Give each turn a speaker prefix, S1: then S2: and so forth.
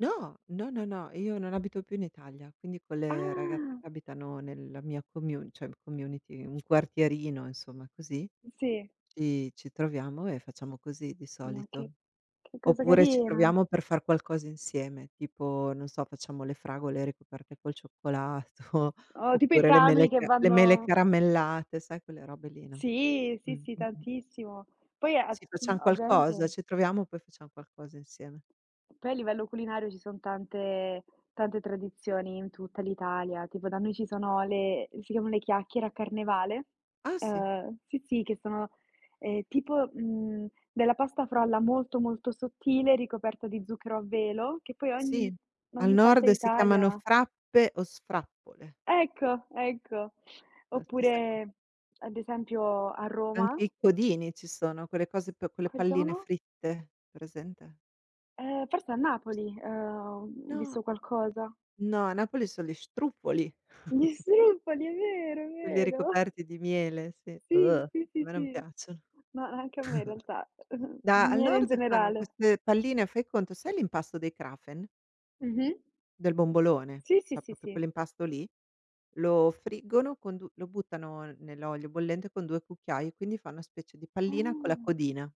S1: No. No, no, no, io non abito più in Italia, quindi quelle ragazze
S2: Ah.
S1: che abitano nella mia commu cioè community, un quartierino insomma così,
S2: Sì.
S1: ci ci troviamo e facciamo così di
S2: Ma che
S1: solito.
S2: che cosa
S1: Oppure ci
S2: carina.
S1: troviamo per far qualcosa insieme, tipo, non so, facciamo le fragole ricoperte col cioccolato,
S2: O tipo i
S1: oppure le
S2: [unintelligible]
S1: mele
S2: che
S1: ca le mele
S2: vanno
S1: caramellate, sai quelle robe lì, no.
S2: Sì.
S1: Mh.
S2: Sì, sì,
S1: mh-mh.
S2: tantissimo. Poi at
S1: Sì,
S2: mh,
S1: facciam qualcosa,
S2: ovviamente
S1: ci troviamo poi facciam qualcosa insieme.
S2: Poi a livello culinario ci son tante tante tradizioni in tutta l'Italia. Tipo da noi ci sono le si chiamano le chiacchiere, a Carnevale.
S1: Ah sì.
S2: Ehm, sì, sì, che sono, ehm, tipo, mhmm, della pasta frolla molto, molto sottile ricoperta di zucchero a velo che poi
S1: Sì,
S2: ogni
S1: al
S2: ogni parte
S1: nord si
S2: d'Italia
S1: chiamano
S2: ha.
S1: frappe o sfrappole.
S2: Ecco, ecco.
S1: La stessa co
S2: Oppure ad esempio a Roma
S1: Anche i codini ci sono, quelle cose p con le
S2: Quali
S1: palline
S2: sono?
S1: fritte, presente?
S2: Eh, forse a Napoli, ehm, ho, mhmm,
S1: No.
S2: visto qualcosa.
S1: No, a Napoli son gli struffoli.
S2: Gli struffoli, è vero, è
S1: Quelli
S2: vero.
S1: ricoperti di miele, sì,
S2: Sì,
S1: a
S2: sì, sì,
S1: me non
S2: sì,
S1: piacciono.
S2: ma anche a me in realtà,
S1: Da al
S2: miele in
S1: nord fanno
S2: generale.
S1: queste palline, fai conto, sai l'impasto dei Krapfen?
S2: Mh-mh.
S1: Del bombolone,
S2: Sì, sì,
S1: cioè
S2: sì,
S1: proprio
S2: sì.
S1: quell'impasto lì, lo friggono con du lo buttano nell'olio bollente, con 2 cucchiai e quindi fa una specie di pallina con la
S2: Ah.
S1: codina.